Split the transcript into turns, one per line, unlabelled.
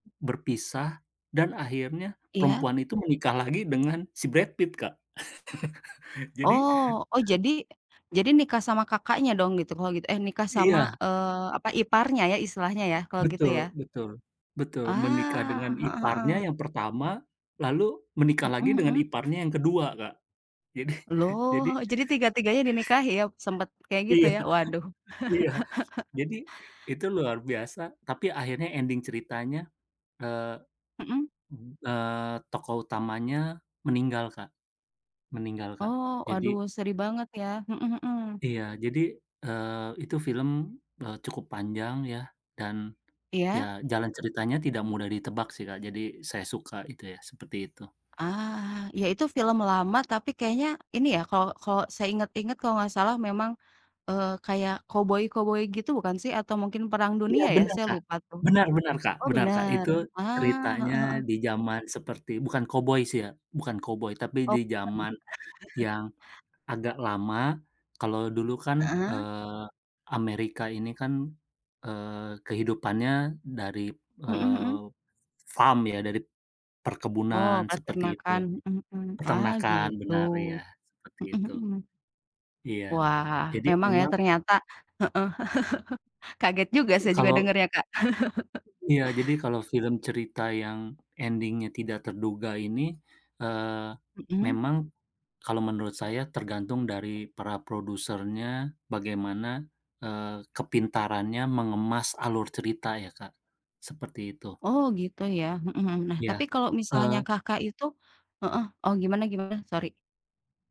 Berpisah, dan akhirnya
Iya.
perempuan itu menikah lagi dengan si Brad Pitt Kak, jadi
Oh oh jadi jadi nikah sama Kakaknya dong gitu kalau gitu eh, nikah sama,
Iya.
eee, apa, iparnya ya istilahnya ya kalau gitu
Betul
ya.
betul, betul menikah dengan
Ah, heeh
iparnya
heeh.
yang pertama, lalu menikah
Mhm
lagi dengan
mhm.
iparnya yang kedua Kak, jadi,
Loh
jadi
jadi tiga-tiganya dinikahi ya sempet kayak gitu
Iya,
ya waduh.
iya. Jadi itu luar biasa tapi akhirnya ending ceritanya, eee
Mhm.
mhm, eee, tokoh utamanya meninggal Kak meninggal Kak,
Oh,
jadi
waduh sedih banget ya, mhm mhm.
Iya jadi, eee, itu film, eee, cukup panjang ya dan, ya
Iya.
jalan ceritanya tidak mudah ditebak sih Kak, jadi saya suka itu ya seperti itu.
Ah, iya itu film lama tapi kayaknya ini ya kalau kalau saya inget-inget kalau enggak salah memang, eee, kayak koboi-koboi gitu bukan sih? Atau mungkin perang
Iya
dunia ya?
benar
Saya
Kak,
lupa tuh.
benar benar Kak
Oh
benar Kak,
benar?
itu
Ah, heeh
ceritanya
heeh.
di zaman seperti bukan koboi sih ya, bukan koboi tapi
Oh
di
baik.
zaman yang agak lama kalau dulu kan,
Heeh.
eee, Amerika ini kan, eee, kehidupannya dari,
Mhm
eee,
mhm.
farm ya dari
Oh
perkebunan seperti itu,
peternakan, mhm mhm. Ah,
peternakan
gitu,
benar iya seperti
mhm
itu.
mhm.
Iya
Wah,
jadi
memang ya
memang.
ternyata, heeh, kaget juga saya juga
Kalau.
dengernya Kak.
Iya jadi kalau film cerita yang ending-nya tidak terduga ini, eee,
Mhm.
memang kalau menurut saya tergantung dari para produsernya bagaimana, eee, kepintarannya mengemas alur cerita ya Kak, seperti itu.
Oh gitu ya, mhm mhm. Nah
Iya,
tapi kalau misalnya
eee
Kakak itu heeh, oh gimana gimana? Sorry.